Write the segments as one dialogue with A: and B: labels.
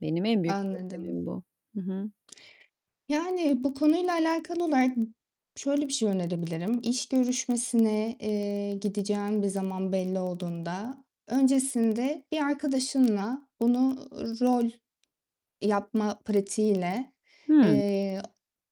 A: Benim en büyük problemim
B: Anladım.
A: bu. Hı hı.
B: Yani, bu konuyla alakalı olarak şöyle bir şey önerebilirim; iş görüşmesine, eee, gideceğin bir zaman belli olduğunda, öncesinde bir arkadaşınla bunu rol yapma pratiğiyle,
A: Hıı.
B: eee,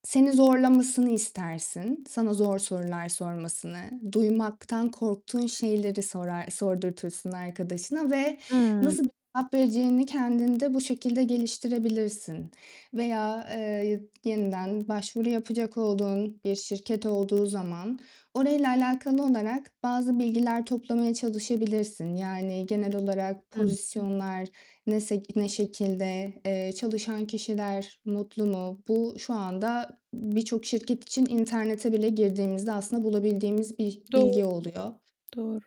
B: seni zorlamasını istersin. Sana zor sorular sormasını, duymaktan korktuğun şeyleri sorar sordurtursun arkadaşına ve
A: Hıı.
B: nasıl bir cevap vereceğini kendinde bu şekilde geliştirebilirsin. Veya, eee, y yeniden başvuru yapacak olduğun bir şirket olduğu zaman orayla alakalı olarak bazı bilgiler toplamaya çalışabilirsin. Yani, genel olarak
A: Hı hı.
B: pozisyonlar ne sek ne şekilde? Eee, çalışan kişiler mutlu mu? Bu, şu anda birçok şirket için internete bile girdiğimizde aslında bulabildiğimiz bir
A: Doğru,
B: bilgi oluyor.
A: doğru.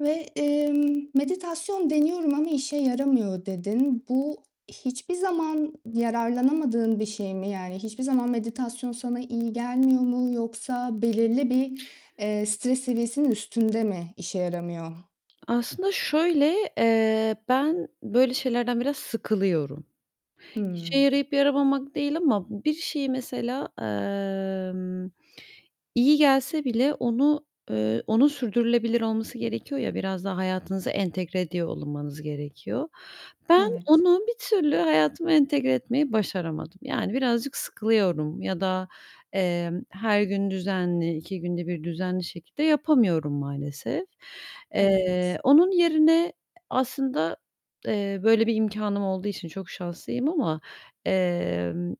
B: Ve, emm, "Meditasyon deniyorum ama işe yaramıyor." dedin. Bu hiçbir zaman yararlanamadığın bir şey mi? Yani, hiçbir zaman meditasyon sana iyi gelmiyor mu yoksa belirli bir, eee, stres seviyesinin üstünde mi işe yaramıyor?
A: Aslında şöyle, eee, ben böyle şeylerden biraz sıkılıyorum. İşe
B: Hımm.
A: yarayıp yaramamak değil ama bir şeyi mesela, emm, iyi gelse bile onu, eee, onun sürdürülebilir olması gerekiyor ya, biraz daha hayatınıza entegre ediyor olunmanız gerekiyor. Ben,
B: Evet.
A: onu bir türlü hayatıma entegre etmeyi başaramadım. Yani, birazcık sıkılıyorum ya da, emm, her gün düzenli, 2 günde 1 düzenli şekilde yapamıyorum maalesef.
B: Evet.
A: Eee, onun yerine aslında, eee, böyle bir imkânım olduğu için çok şanslıyım ama, emm,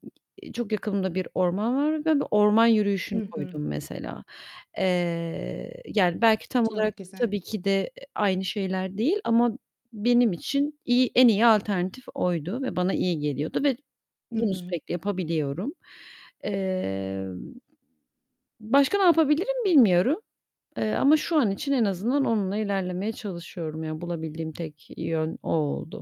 A: çok yakınımda bir orman var ve bu orman
B: Hı
A: yürüyüşünü
B: hı.
A: koydum mesela. Eee, yani, belki tam olarak
B: Çok güzel.
A: tabii ki de, eee, aynı şeyler değil ama benim için iyi en iyi alternatif oydu ve bana iyi geliyordu ve
B: Hı
A: bunu
B: hı.
A: sürekli yapabiliyorum. Eee, başka ne yapabilirim bilmiyorum, eee, ama şu an için en azından onunla ilerlemeye çalışıyorum. Ya, bulabildiğim tek yön o oldu.